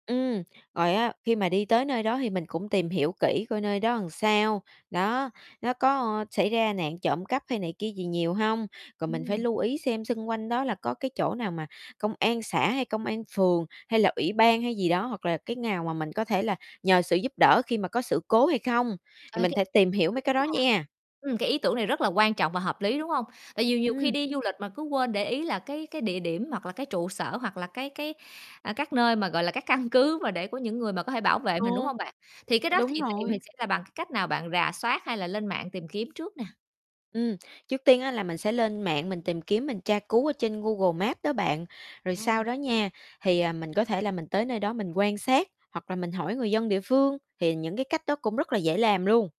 Ừm, rồi á khi mà đi tới nơi đó thì mình cũng tìm hiểu kỹ coi nơi đó sao? Đó, nó có xảy ra nạn trộm cắp hay này kia gì nhiều hông? Rồi mình phải Ừm. lưu ý xem xung quanh đó là có cái chỗ nào mà công an xã hay công an phường, hay là ủy ban hay gì đó, hoặc là cái ngào mà mình có thể là nhờ sự giúp đỡ khi mà có sự cố hay không? Thì Ờ, th mình thể tìm hiểu mấy đúng cái đó nha. nhe. Ừm, cái ý tưởng này rất là quan trọng và hợp lý, đúng hông? Tại vì nhiều khi Ừm. đi du lịch mà cứ quên để ý là cái cái địa điểm, hoặc là cái trụ sở hoặc là cái cái a, các nơi mà, gọi là, các căn cứ mà để của những người mà có thể bảo vệ Ừ. mình, đúng hông bạn? Thì cái đó Đúng thì tùy mình rồi. sẽ là bằng cách nào bạn rà soát hay là lên mạng tìm kiếm trước nè? Ừm, trước tiên á là mình sẽ lên mạng mình tìm kiếm mình tra cứu ở trên Google Maps đó bạn, rồi sau Ồ. đó nha, thì, ờ, mình có thể là mình tới nơi đó mình quan sát, hoặc là mình hỏi người dân địa phương, thì những cái cách đó cũng rất là dễ làm luôn.